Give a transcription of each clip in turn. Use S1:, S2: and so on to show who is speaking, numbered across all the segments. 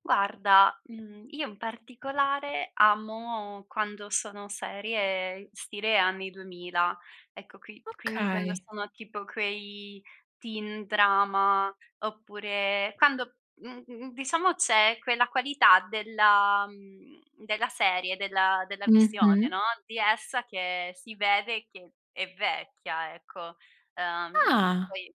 S1: Guarda, mhmm, io in particolare amo quando sono serie stile anni 2000. Ecco qui quindi quando
S2: Okay.
S1: sono tipo quei teen drama oppure quando, mhmm, diciamo c'è quella qualità della mhmm, della serie, della della visione,
S2: Mh-mh.
S1: no, di essa che si vede che è vecchia, ecco. Uhm,
S2: Ah.
S1: poi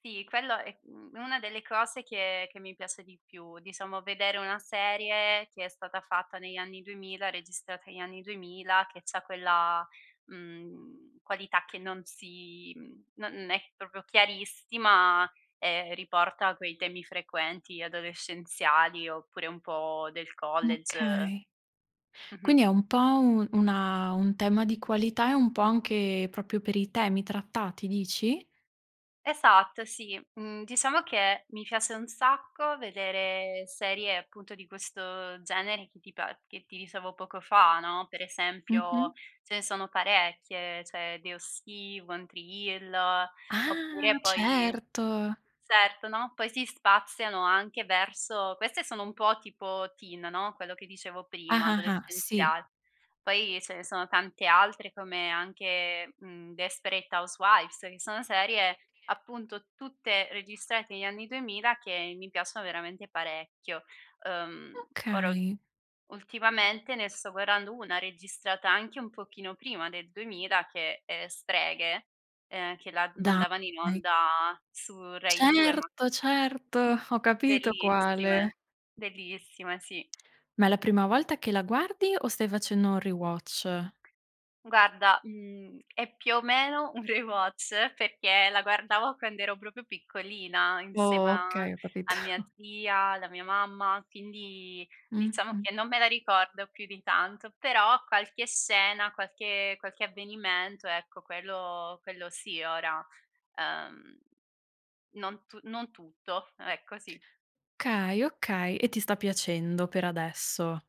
S1: sì, quello è, mhmm, una delle cose che che mi piace di più, diciamo vedere una serie che è stata fatta negli anni 2000, registrata negli anni 2000, che c'ha quella, mhmm, qualità che non si mhmm non è proprio chiarissima e riporta quei temi frequenti adolescenziali oppure un po' del college.
S2: Okay. Quindi
S1: Mh-mh.
S2: è un po' un una un tema di qualità e un po' anche proprio per i temi trattati, dici?
S1: Esatto, sì. Mhmm, diciamo che mi piace un sacco vedere serie appunto di questo genere che ti pa che ti dicevo poco fa, no. Per esempio
S2: Mh-mh.
S1: ce ne sono parecchie, cioè The O.C., One Tree Hill, oppure
S2: Ah,
S1: poi
S2: certo.
S1: certo, no, poi si spaziano anche verso queste sono un po' tipo teen no, quello che dicevo
S2: Ah,
S1: prima,
S2: ah, ah, sì.
S1: adolescenziale. Poi ce ne sono tante altre come anche, mhmm, Desperate Housewifes, che sono serie appunto tutte registrate negli anni 2000 che mi piacciono veramente parecchio. Uhm, ora ul
S2: Okay.
S1: ultimamente ne sto guardando una registrata anche un pochino prima del 2000 che è Streghe, ehm, che la mandavano in
S2: Dai.
S1: onda su Rai 2, ma
S2: Certo, certo, ho capito quale.
S1: Bellissime, bellissime sì.
S2: Ma è la prima volta che la guardi o stai facendo un rewatch?
S1: Guarda, mhmm, è più o meno un rewatch perché la guardavo quando ero proprio piccolina insieme a
S2: Okay, ho
S1: a
S2: capito.
S1: mia zia, alla mia mamma, quindi diciamo
S2: Mh-mh.
S1: che non me la ricordo più di tanto, però qualche scena, qualche qualche avvenimento, ecco quello quello sì ora, ehm non tu non tutto, ecco sì.
S2: Okay, okay, e ti sta piacendo per adesso.